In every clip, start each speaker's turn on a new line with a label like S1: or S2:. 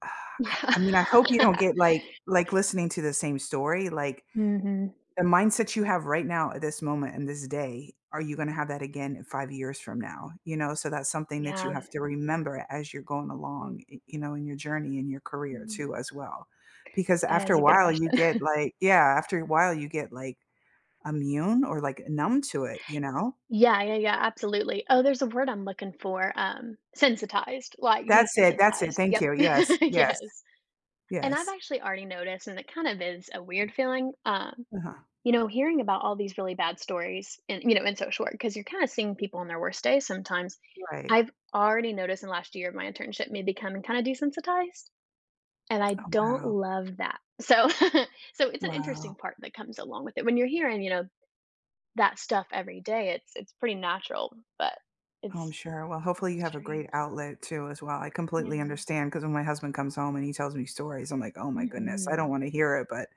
S1: I
S2: Yeah.
S1: I mean, I hope you don't get like like listening to the same story like.
S2: Mhm.
S1: The mindset you have right now at this moment in this day, are you gonna have that again in 5 years from now, you know, so that's something that you
S2: Yeah.
S1: have to remember as you're going along, y you know, in your journey in your career
S2: Mm.
S1: too as well, because
S2: That
S1: after a
S2: is a good
S1: while you get
S2: question.
S1: like Yeah, after a while you get like immune or like numb to it, you know.
S2: Yeah, yeah, yeah, absolutely. Oh, there's a word I'm looking for, um, sensitized, like
S1: That's it. That's it,
S2: desensitized,
S1: thank
S2: yep,
S1: you. Yes, yes.
S2: yes. And I've
S1: Yes.
S2: actually already noticed, and it kind of is a weird feeling, um,
S1: Uh-huh.
S2: you know, hearing about all these really bad stories and, you know, in social work, 'cause you're kinda seeing people on their worst days sometimes,
S1: Right.
S2: I've already noticed in the last year of my internship me becoming kinda desensitize, and I
S1: Oh
S2: don't
S1: wow.
S2: love that. So so it's an interesting
S1: Wow.
S2: part that comes along with it when you're hearing, you know, that stuff every day, it's it's pretty natural, but
S1: Oh, I'm
S2: it's
S1: sure, well,
S2: it's
S1: hopefully
S2: a
S1: you have a
S2: strange
S1: great outlet too as well, I completely
S2: Yeah.
S1: understand 'cause when my husband comes home and he tells me stories, I'm, like, "Oh my goodness, I
S2: Mhm.
S1: don't want to hear it," but,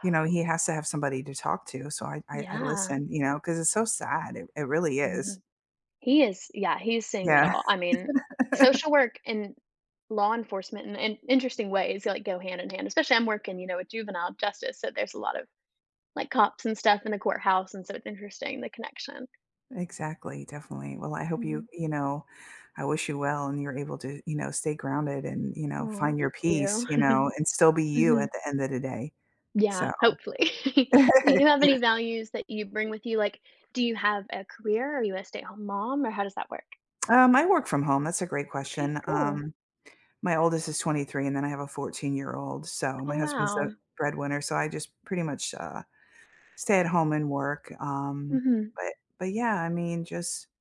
S1: you know, he has to have somebody to talk to, so I I I
S2: Yeah.
S1: listen, you know, 'cause it's so sad, it it really is.
S2: Mhm. He is, yeah, he's seeing it
S1: Yeah.
S2: all, I mean, social work and law enforcement in in interesting ways, like, go hand in hand, especially I'm working, you know, a juvenile justice, so there's a lot of, like, cops and stuff in the courthouse, and so it's interesting the connection.
S1: Exactly, definitely. Well, I hope you
S2: Mhm.
S1: you know, I wish you well and you're able to, you know, stay grounded and, you know,
S2: Oh,
S1: find your
S2: thank
S1: peace,
S2: you.
S1: you know, and still be you
S2: Mhm.
S1: at the end of the day.
S2: Yeah,
S1: So
S2: hopefully. Do you have
S1: You kn
S2: any values that you bring with you, like, do you have a career? Are you a stay-at-home mom? Or how does that work?
S1: Um, I work from home, that's a great
S2: Okay,
S1: question,
S2: cool.
S1: um, my oldest is 23 and then I have a 14-year-old, so my
S2: Oh
S1: husband's the
S2: wow.
S1: breadwinner, so I just pretty much, uh, stay at home and work, um,
S2: Mhm.
S1: but, but yeah, I mean, just